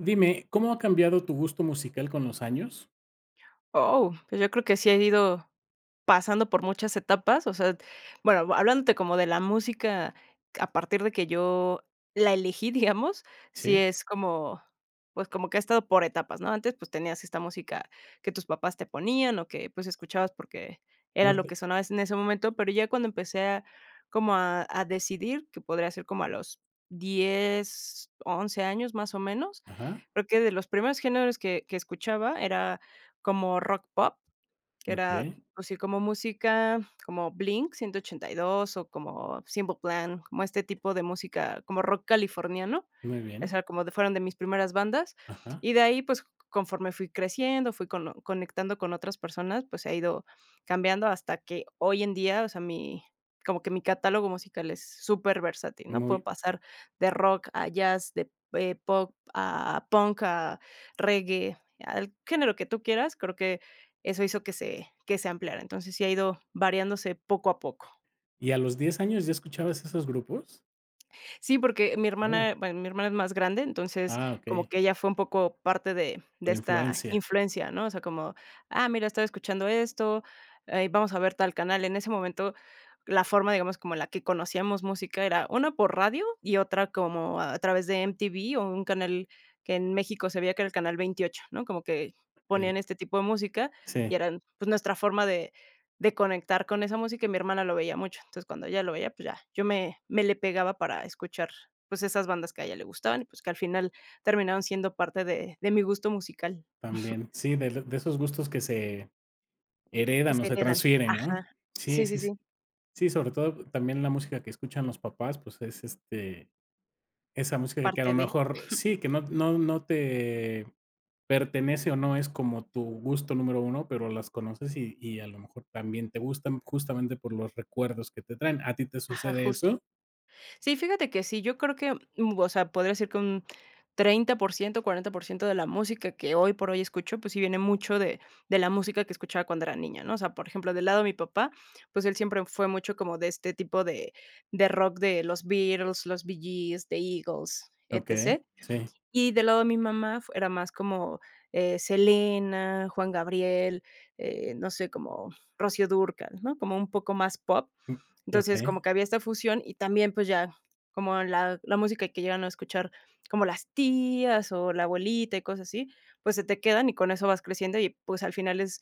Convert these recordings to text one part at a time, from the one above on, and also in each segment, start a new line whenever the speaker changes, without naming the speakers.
Dime, ¿cómo ha cambiado tu gusto musical con los años?
Oh, pues, yo creo que sí he ido pasando por muchas etapas, o sea, bueno, hablándote como de la música, a partir de que yo la elegí, digamos, sí
Sí.
es como, pues, como que ha estado por etapas, ¿no? Antes, pues, tenías esta música que tus papás te ponían, o que, pues, escuchabas porque era
No
lo que
te
sonaba es en ese momento, pero ya cuando empecé a como a a decidir, que podría ser como a los 10, 11 años, más o menos,
Ajá.
creo que de los primeros géneros que que escuchaba era como rock pop, que era,
Okey.
pues, sí, como música, como Blink 182 o como Simple Plan, como este tipo de música, como rock californiano,
Muy
o
bien.
sea, como de fueron de mis primeras bandas.
Ajá.
Y de ahí, pues, conforme fui creciendo, fui cono conectando con otras personas, pues, he ido cambiando hasta que, hoy en día, o sea, mi como que mi catálogo musical es superversatil, ¿no? Puedo
Muy
pasar de rock a jazz, de, eh, pop, a punk, a reggae, al género que tú quieras. Creo que eso hizo que se que se ampliara. Entonces, sí ha ido variándose poco a poco.
¿Y a los 10 años ya escuchabas esos grupos?
Sí, porque mi hermana,
[unintelligible]
bueno, mi hermana es más grande, entonces,
Ah,
como
okey.
que ella fue un poco parte de de
La
esta
influencia.
influencia, ¿no?, o sea, como: "Ah, mira, estoy escuchando esto, eh, vamos a ver tal canal". En ese momento, la forma, digamos, como la que conocíamos música era una por radio y otra como a través de M-T-V o un canal que en México se veía, que era el canal 28 ¿no?, como que ponían
Sí.
este tipo de música y
Sí.
eran, pues, nuestra forma de de conectar con esa música, y mi hermana lo veía mucho, entonces, cuando ella lo veía, pues, ya, yo me, me le pegaba para escuchar, pues, esas bandas que a ella le gustaban, y pues, que al final terminaron siendo parte de de mi gusto musical.
También, sí, del de esos gustos que se
Que
heredan o
se
se
quedan,
transfieren,
ajá,
¿no?, sí,
sí sí
sí, sí.
sí.
Sí, sobre todo también la música que escuchan los papás, pues es, este, esa música que a lo
Parte de.
mejor, sí que no no no te pertenece, o no es como tu gusto número 1 pero las conoces y y a lo mejor también te gustan, justamente por los recuerdos que te traen, ¿a ti te
Ajá,
sucede
justo,
eso?
sí, fíjate que sí, yo creo que, mm, o sea, podría ser que un 30 por ciento o 40 por ciento de la música que hoy por hoy escucho, pues, sí viene mucho de de la música que escuchaba cuando era niña, ¿no?, o sea, por ejemplo, del lado de mi papá, pues él siempre fue mucho como de este tipo de de rock de los Beatles, los Bee Gees, de Eagles,
Okey,
etc.
sí.
Y del lado de mi mamá, era más como, eh, Selena, Juan Gabriel, eh, no sé, como Rocío Dúrcal, ¿no?, como un poco más pop,
[unintelligible]
entonces, como
Okey.
que había esta fusión y también, pues ya, como la la música que llegan a escuchar como las tías o la abuelita y cosas así, pues se te quedan y con eso vas creciendo y pues al final es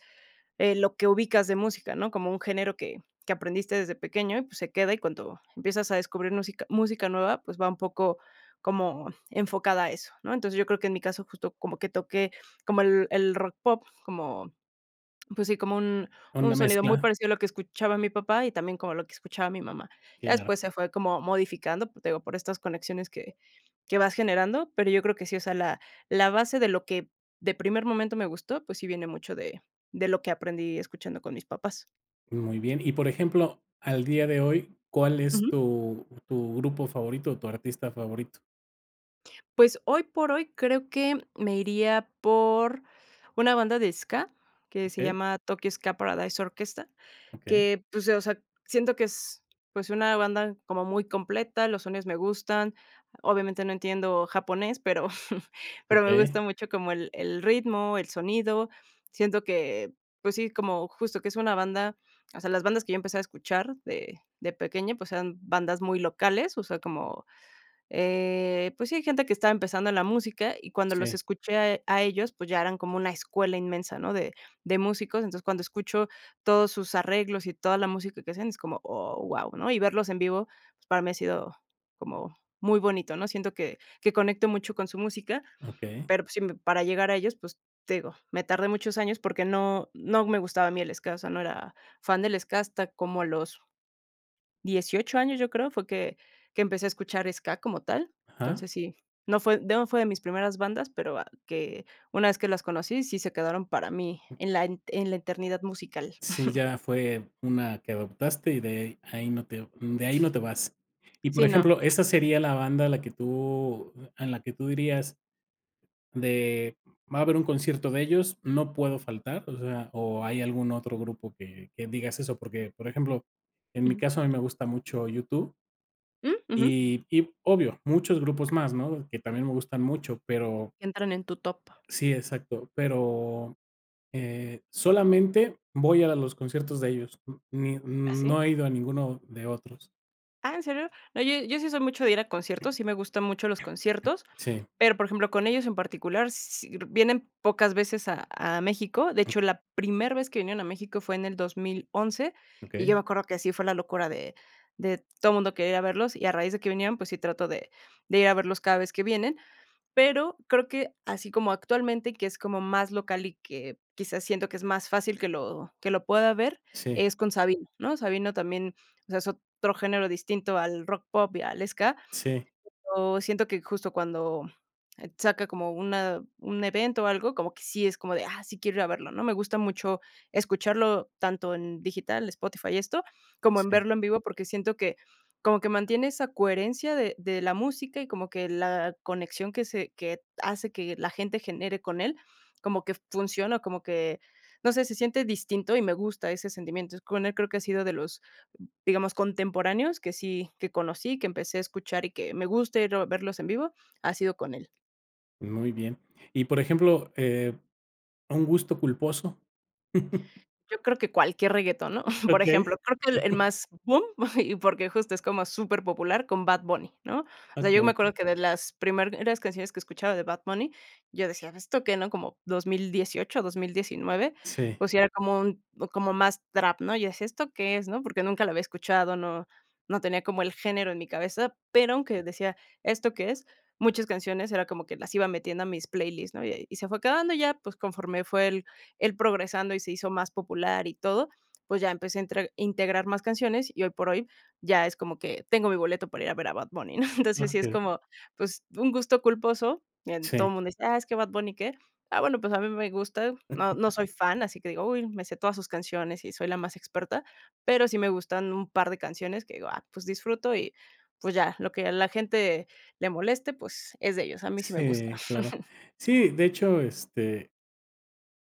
lo que ubicas de música, ¿no?, como un género que que aprendiste desde pequeño y pues se queda y cuando empiezas a descubrir música música nueva, pues, va un poco como enfocada a eso, ¿no?, entonces yo creo que en mi caso justo como que toqué como el el rock pop, como, pues sí, como un un
Donde
sonido muy
mezcla.
parecido a lo que escuchaba mi papá y también como lo que escuchaba mi mamá, ya
Claro.
después se fue como modificando, por eso te digo, por estas conexiones que que vas generando, pero yo creo que sí, o sea, la la base de lo que, de primer momento me gustó, pues, sí viene mucho de de lo que aprendí escuchando con mis papás.
Muy bien, y por ejemplo, al día de hoy, ¿cuál es
Ujú.
tu tu grupo favorito o tu artista favorito?
Pues hoy por hoy, creo que me iría por una banda de Ska, que se
Okey.
llama Tokyo Ska Paradise Orchestra
Okey.
que pues, eh, o sea, siento que es, pues, una banda como muy completa, los sonidos me gustan, obviamente no entiendo japonés, pero pero me
Okey.
gusta mucho como el el ritmo, el sonido, siento que, pues, sí, como justo que es una banda, o sea, las bandas que yo empezaba a escuchar de de pequeña, pues, eran bandas muy locales, o sea, como, eh, pues sí, gente que estaba empezando en la música, y cuando los
Sí.
escuché a a ellos, pues ya eran como una escuela inmensa, ¿no?, de de músicos, entonces, cuando escucho todos sus arreglos y toda la música que hacen, es como, oh, wao, ¿no?, y verlos en vivo, pues para mí ha sido como muy bonito, ¿no?, siento que que conecto mucho con su música,
Okey.
pero, pues sí me para llegar a ellos, pues, te digo, me tardé muchos años porque no no me gustaba a mí el Ska, o sea, no era fan del Ska, hasta como a los 18 años, yo creo, fue que que empecé a escuchar ska, como tal,
Ajá.
entonces, sí, no fue no fue de mis primeras bandas, pero va que, una vez que las conocí, sí se quedaron para mí, en la en la eternidad musical.
Sí, ya fue una que adoptaste y de ahí ahí no te de ahí no te vas. Y por
Sí, no.
ejemplo, ¿esa sería la banda a la que tú en la que tú dirías de: "Va a haber un concierto de ellos, no puedo faltar", o sea, o hay algún otro grupo que que digas eso? Porque por ejemplo, en mi
Ujú.
caso a mí me gusta mucho U-2.
¿Mm? Ujú.
Y y obvio, muchos grupos más, ¿no?, que también me gustan mucho, pero
Entran en tu top.
Sí, exacto, pero, eh, solamente voy a los conciertos de ellos, mm ni
¿Ah
mm,
sí?
no he ido a ninguno de otros.
Ah, ¿en serio? No, yo yo sí soy mucho de ir a conciertos, sí me gustan mucho los conciertos,
Sí.
pero, por ejemplo, con ellos en particular, sí vienen pocas veces a a México. De hecho, la primer vez que vinieron a México fue en el 2011 y yo
Okey.
me acuerdo que así fue la locura de de todo mundo quería ir a verlos, y a raíz de que vinieron, pues sí trato de de ir a verlos cada vez que vienen. Pero creo que así como actualmente que es como más local, y que quizás siento que es más fácil que lo que lo pueda ver,
Sí.
es con Sabino, ¿no? Sabino también, o sea, es otro género distinto al rock pop y al ska.
Sí.
Pero siento que justo cuando, eh, saca como una un evento o algo, como que sí es como de, ah, sí quiero ir a verlo, ¿no? Me gusta mucho escucharlo tanto en digital, Spotify y esto, como en
Sí.
verlo en vivo, porque siento que, como que mantiene esa coherencia de de la música, y como que la conexión que se que hace que la gente genere con él, como que funciona, como que, no sé, se siente distinto, y me gusta ese sentimiento. Entonces con él, creo que ha sido de los, digamos, contemporáneos que sí que conocí, que empecé a escuchar, y que me guste ir a verlos en vivo, ha sido con él.
Muy bien. Y, por ejemplo, eh, ¿un gusto culposo?
Yo creo que cualquier reguetón, ¿no?, por ejemplo,
Okey.
creo que el el más boom, y porque justo es como superpopular con Bad Bunny, ¿no?, o sea, yo me
Okey.
acuerdo que de las primeras canciones que escuchaba de Bad Bunny, yo decía: "¿Esto qué no?", como 2018, 2019,
Sí.
pues, sí era como un como más trap, ¿no?, yo decía: "¿Esto que es?", ¿no?, porque nunca lo había escuchado, no no tenía como el género en mi cabeza, pero aunque decía: "¿Esto qué es?", muchas canciones, era como que las iba metiendo a mis playlist, ¿no?, y se fue quedando ya, pues conforme fue el el progresando y se hizo más popular y todo, pues ya empecé a intre integrar más canciones y hoy por hoy ya es como que: "Tengo mi boleto para ir a ver a Bad Bunny", ¿no? Entonces, sí es
Okey.
como, pues, un gusto culposo. El, todo
Sí.
mundo dice: "Ah, es que Bad Bunny, ¿qué?", ah, bueno, pues a mí me gusta. No, no soy fan, así que digo: "Uy me sé todas sus canciones y soy la más experta", pero sí me gustan un par de canciones que digo: "Ah, pues disfruto y pues, ya", lo que la gente le moleste, pues, es de ellos, a mí sí me gusta.
Sí, claro. Sí, de hecho, este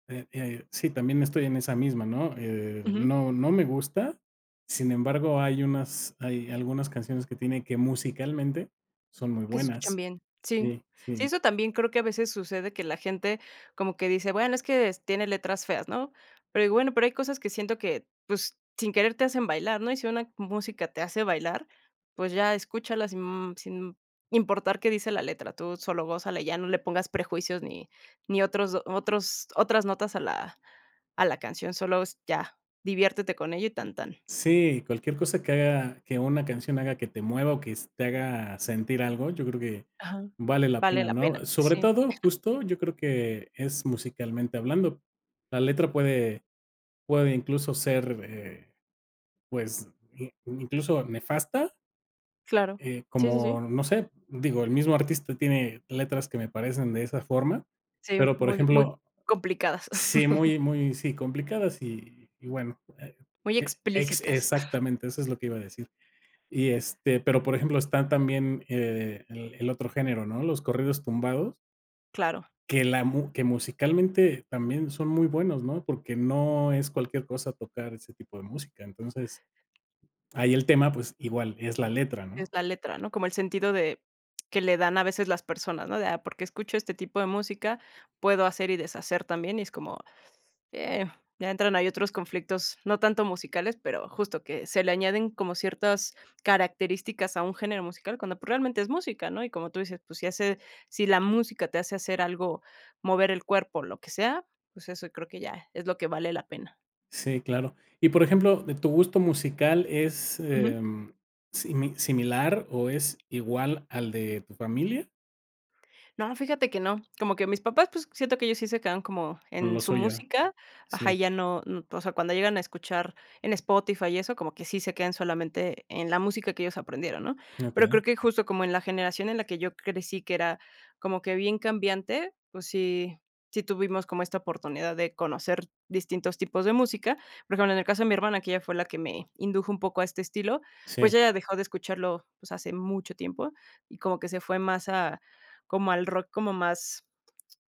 Eh, eh, sí, también estoy en esa misma, ¿no?, eh,
Ujú.
no no me gusta. Sin embargo, hay unas hay algunas canciones que tiene que musicalmente, son muy
Que se escuchan
buenas.
bien. Sí,
Sí, sí.
sí, eso también creo que a veces sucede que la gente como que dice: "Bueno, es que tiene letras feas", ¿no?, pero, bueno, pero hay cosas que siento que, pues, sin querer te hacen bailar, ¿no?, y si una música te hace bailar, pues, ya escúchala sin sin importar qué dice la letra, tú solo gózala, ya no le pongas prejuicios, ni ni otros otros otras notas a la a la canción, solos ya diviértete con ello y tan tan.
Sí, cualquier cosa que haga, que una canción haga que te mueva o que te haga sentir algo, yo creo que
Ajá.
vale la
Vale
pena,
la pena.
¿no?, sobre
Sí.
todo, justo, yo creo que es musicalmente hablando. La letra puede puede incluso ser, eh, pues, i incluso, nefasta.
Claro,
Eh,
sí, sí, sí.
como no sé, digo, el mismo artista tiene letras que me parecen de esa forma,
Sí,
pero por
muy, muy
ejemplo.
complicadas.
Sí, muy muy sí, complicadas y y bueno, e
Muy
e ex
explícitas.
exactamente eso es lo que iba a decir. Y, este, pero por ejemplo, están también, eh, el el otro género, ¿no?, los corridos tumbados.
Claro.
Que la mu que musicalmente también son muy buenos, ¿no?, porque no es cualquier cosa tocar ese tipo de música. Entonces, ahí el tema, pues, igual, es la letra,
Es
¿no?
la letra, ¿no?, como el sentido de, que le dan a veces las personas, ¿no?, de: "Ah, por qué escucho este tipo de música, puedo hacer y deshacer también", y es como, eh, ya entran, hay otros conflictos, no tanto musicales, pero justo que se le añaden como ciertas características a un género musical, cuando, pues, realmente es música, ¿no?, y como tú dices, pues, si hace si la música te hace hacer algo, mover el cuerpo, lo que sea, pues, eso creo que ya es lo que vale la pena.
Sí, claro. Y, por ejemplo, de tu gusto musical, ¿es,
Ujú.
em, simi similar o es igual al de tu familia?
No, fíjate que no, como que mis papás, pues, siento que ellos sí se quedan como
Con
en
lo
su
suyo.
música, ajá,
Sí.
y ya no, mm, o sea, cuando llegan a escuchar en Spotify y eso, como que sí se quedan solamente en la música que ellos aprendieron, ¿no?, pero
Okey.
creo que justo como en la generación en la que yo crecí que era como que bien cambiante, pues, sí, sí tuvimos como esta oportunidad de conocer distintos tipos de música. Pues bueno, en el caso de mi hermana, que ella fue la que me indujo un poco a este estilo, pues
Sí.
ella dejó de escucharlo, pues, hace mucho tiempo, y como que se fue más a como al rock como más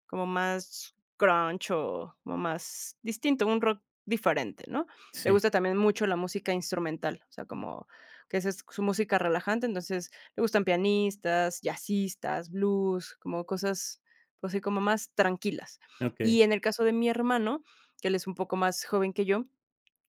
como más Grunge o más distinto, un rock diferente, ¿no?, le
Sí.
gusta también mucho la música instrumental, o sea, como, que esa es su música relajante, entonces, le gustan pianistas, jazzistas, blues, como cosas, así como más tranquilas.
Okey.
Y en el caso de mi hermano, que él es un poco más joven que yo,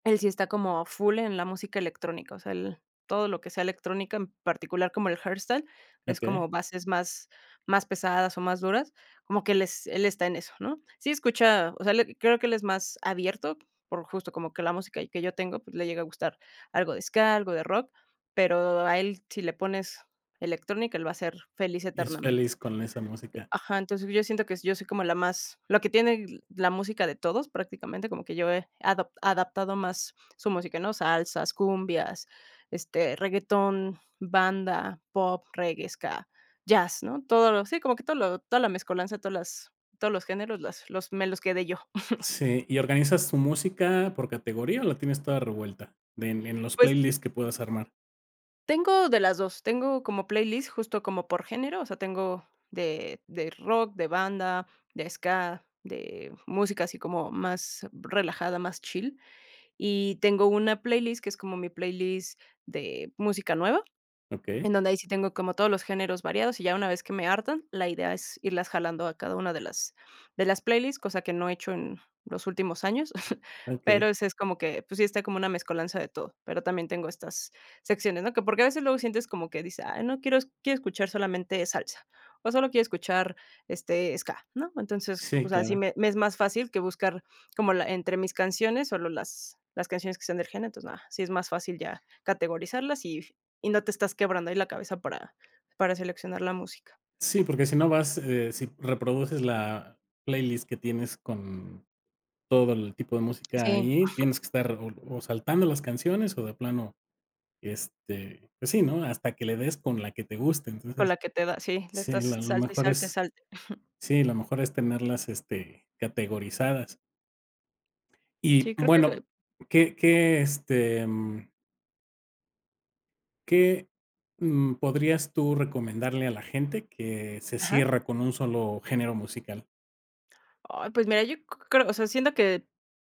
él sí está como full en la música electrónica, o sea, él todo lo que sea electrónica, en particular como el hardstyle, es como
Okey.
bases más más pesadas o más duras, como que él es él está en eso, ¿no?, sí escucha, o sea, él creo que, él es más abierto, por justo como que la música que yo tengo, pues, le llega a gustar algo de ska, algo de rock, pero a él si le pones electrónica, él va a ser feliz
Es
eternamente.
feliz con esa música.
Ajá, entonces yo siento que yo soy como la más la que tiene la música de todos prácticamente como que yo he adap adaptado más su música ¿no?, salsas, cumbias, este, reguetón, banda, pop, reggae, ska, jazz, ¿no?, todo lo sí, como que todo lo toda la mescolanza, todas las todos los géneros, las los me los quedé yo.
Sí, ¿y organizas tu música por categoría o la tienes toda revuelta?, de en en los
Pues.
playlist que puedas armar.
Tengo de las 2. Tengo como playlist justo como por género, o sea, tengo de de rock, de banda, de ska, de música así como más relajada, más chill. Y tengo una playlist que es como mi playlist de música nueva,
Okey.
en donde ahí sí tengo como todos los géneros variados, y ya una vez que me hartan, la idea es irlas jalando a cada una de las de las playlist, cosa que no he hecho en los últimos años. Pero,
Okey.
ese es como que, pues sí, está como una mezcolanza de todo. Pero también tengo estas secciones, ¿no?, que porque a veces luego sientes como que dices: "Ay no quiero quiero escuchar solamente salsa, o solo quiero escuchar, este, ska", ¿no?, entonces,
Sí,
o sea, sí
claro.
me me es más fácil que buscar como la entre mis canciones, solo las las canciones que sean de gene, entonces nada, sí es más fácil ya categorizarlas y y no te estás quebrando ahí la cabeza para para seleccionar la música.
Sí, porque si no vas, eh, si reproduces la playlist que tienes con todo el tipo de música
Sí.
ahí, tienes que estar o o saltando las canciones o de plano, este, pues sí, ¿no?, hasta que le des con la que te guste.
Con
Entonces,
la que te da, sí, le
sí,
estás
la lo
salte, y
mejor
salte, y
es
salte.
sí, lo mejor es tenerlas, este, categorizadas. Y,
Sí, creo que
bueno,
soy
¿qué qué, este, mm ¿que, mm, podrías tú recomendarle a la gente que se
Ajá.
cierra con un solo género musical?
Ay, pues, mira, yo c creo o sea, siento que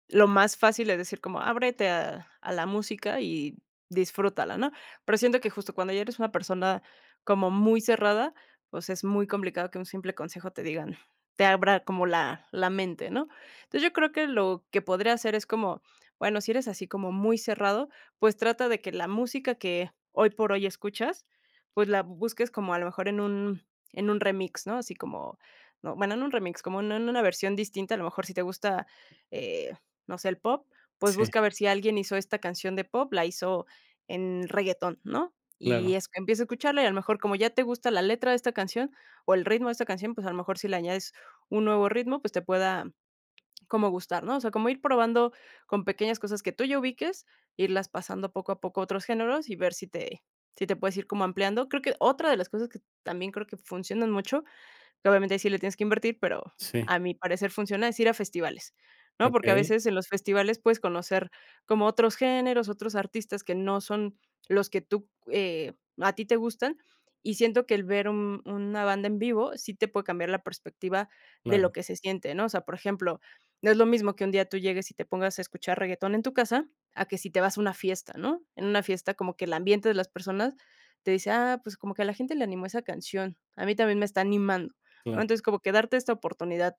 lo más fácil, es decir como: "Ábrete a a la música y disfrútala", ¿no?, pero siento que, justo, cuando ya eres una persona como muy cerrada, pues, es muy complicado que un simple consejo te digan te abra como la la mente, ¿no? Entonces, yo creo que lo que podría hacer es como, bueno, si eres así como muy cerrado, pues, trata de que la música que hoy por hoy escuchas, pues, la bu busques como, a lo mejor, en un en un remix, ¿no?, así como, no, bueno, no en un remix, como en en una versión distinta, a lo mejor si te gusta, eh, no sé, eh, el pop, pues
Sí.
busca ver si alguien hizo esta canción de pop, la hizo en reggaetón, ¿no? Y
Claro.
es empieza a escucharla y a lo mejor como ya te gusta la letra de esta canción o el ritmo de esta canción, pues, a lo mejor, si le añades un nuevo ritmo, pues, te pueda como gustar, ¿no? O sea, como ir probando con pequeñas cosas que tú ya ubiques, irlas pasando poco a poco a otros géneros y ver si te si te puedes ir como ampliando. Creo que otra de las cosas que también creo que funcionan mucho, que, obviamente, ahí sí le tienes que invertir, pero
Sí.
a mi parecer funciona, es ir a festivales, ¿no?, porque a
Okey.
veces en los festivales puedes conocer como otros géneros, otros artistas que no son los que tú, eh, a ti te gustan, y siento que el ver un una banda en vivo sí te puede cambiar la perspectiva de lo
Claro.
que se siente, ¿no?, o sea, por ejemplo, no es lo mismo que un día tú llegues y te pongas a escuchar reguetón en tu casa, a que si te vas a una fiesta, ¿no?, en una fiesta como que el ambiente de las personas te dice: "Ah, pues, como que a la gente le animó esa canción, a mí también me está animando", ¿no?
Claro.
Entonces, como que darte esta oportunidad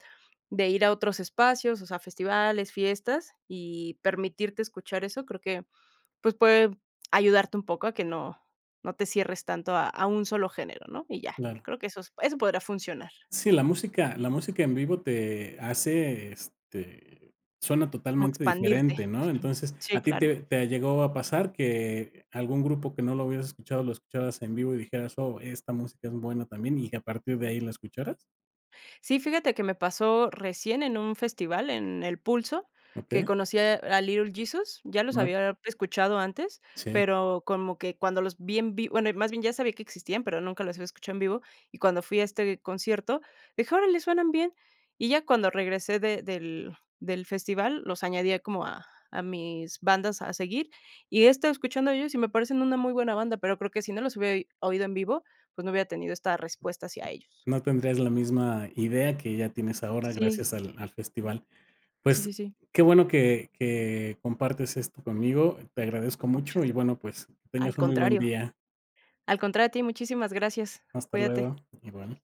de ir a otros espacios, o sea, festivales, fiestas y permitirte escuchar eso, creo que, pues, puede ayudarte un poco a que no no te cierres tanto a a un solo género, ¿no?, y ya.
Claro.
Creo que esos eso podrá funcionar.
Sí, la música la música en vivo te hace, este, suena
Como
totalmente
expandirte.
diferente, ¿no? Entonces,
Sí,
¿a ti
claro.
te te llegó a pasar que algún grupo que no lo hubieras escuchado lo escucharas en vivo y dijeras: "Oh, esta música es buena también", y que a partir de ahí la escucharas?
Sí, fíjate que me pasó recién en un festival en El Pulso, que
Okey.
conocí a a Little Jesus, ya los
Guau.
había escuchado antes,
Sí.
pero como que cuando los vi en vi bueno, más bien ya sabía que existían, pero nunca los había escuchado en vivo. Y cuando fui a este concierto, dije: "Órale, suenan bien". Y ya, cuando regresé de del del festival, los añadí como a a mis bandas a seguir. Y he estado escuchando de ellos y me parecen una muy buena banda, pero creo que si no los hubiera i oído en vivo, pues, no hubiera tenido esta respuesta hacia ellos.
No tendrías la misma idea que ya tienes ahora
Sí.
gracias al al festival.
Sí,
Pues,
sí, sí.
qué bueno que que compartes esto conmigo. Te agradezco
Muchas
mucho y
gra
bueno, pues, que
al
tengas un muy buen
contrario.
día.
Al contrario a ti, muchísimas gracias.
Hasta
Cuídate.
luego. Igual.